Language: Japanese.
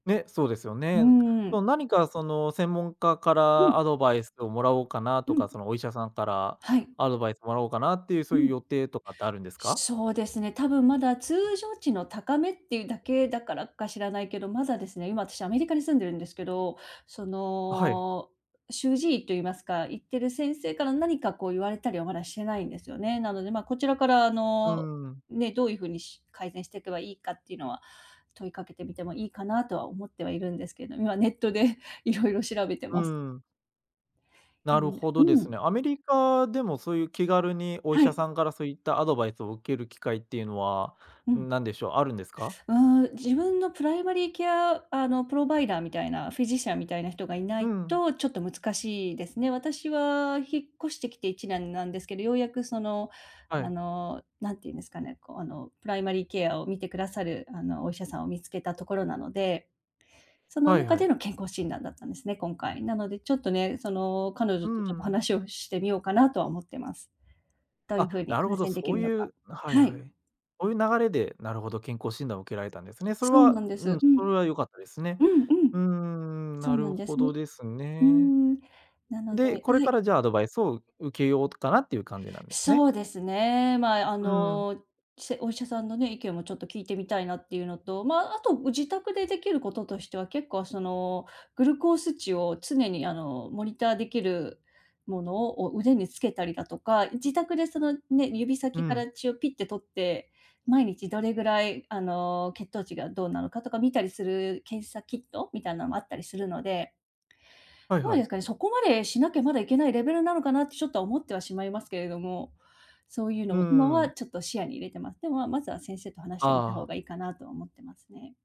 ね、そうですようね。ーん。そ、何か、その専門家かうらん。アドバイスを貰おうかなうとか、ん。そのお医者さんからはい。アドバイ貰おうかなっていう、うそういうん。予定とかってあるんですか？そうですね、多分、まだ通常値の高めっていうだけだからか知らないけど、まだですね、今たしアメリカに住んでるんですけど、そあ、はい。の、主治医と言いますか、行ってる先生から何かこう言われたりは、まだしてないんですよね。なので、ま、こちらから、あうーの、ん。ね、どういう風に、し改善していけば良いかって言うのは、問いかけてみても良いかなとは思ってはいるんですけど、今ネットで色々調べてうます。ーん。でなもるねほうどですん。ね。アメリカでも、そういう気軽にお医は者い。さんから、そういったアドバイスを受ける機会っていうのはうん。何でしょう、あるんですか？うーん、自分のプライマリーケアあのプロバイダーみたいな、フィジシャンみたいな人がいなういん。と、ちょっと難しいですね。私は引っ越してきて1年なんですけど、ようやく、その、はあい。の、何て言うんですかね、こう、あの、プライマリーケアを見て下さる、あの、お医者さんを見つけたところなので。そのはい中はでい。の健康診断だったんですね、今回。なので、ちょっとね、その彼う女ーと、ちょっとん。話をしてみようかなとは思ってます。どういう風あ、になる改ほど、善出来そうるのいか。うはいははい。い。ほういう流れで、なるほど、健康診断を受けられたんですね。それそうはなんでうす。ん、うそれん、は良かったですね。うんううん。ーん、そなうなるんでほすどね。ですうーね。ん、なのでで、こあ、れはかい。ら、じゃあ、アドバイスを受けようとかなっていう感じなんですそね？うですね。まあ、あうーん。の、せお医者さんのね、意見もちょっと聞いてみたいなっていうのと、まあ、あと、う自宅で出来る事としては、結構その、グルコース値を、常にあの、モニター出来る物を腕に付けたりだとか、い自宅で、そのね、指う先かん。ら血をピッてとって、毎日どれぐらい、あの、血糖値がどうなのかとか、見たりする検査キットみたいなのもあったりするので。はいまはえすい。かね、そこまでしなきゃまだいけないレベルなのかなって、しょっとは思ってはしまいますけれども、そういうのうーも今はん。ちょっと視野に入れてます。でも、まずは先生と話してみた方ああ。が良いかなとは思ってますね。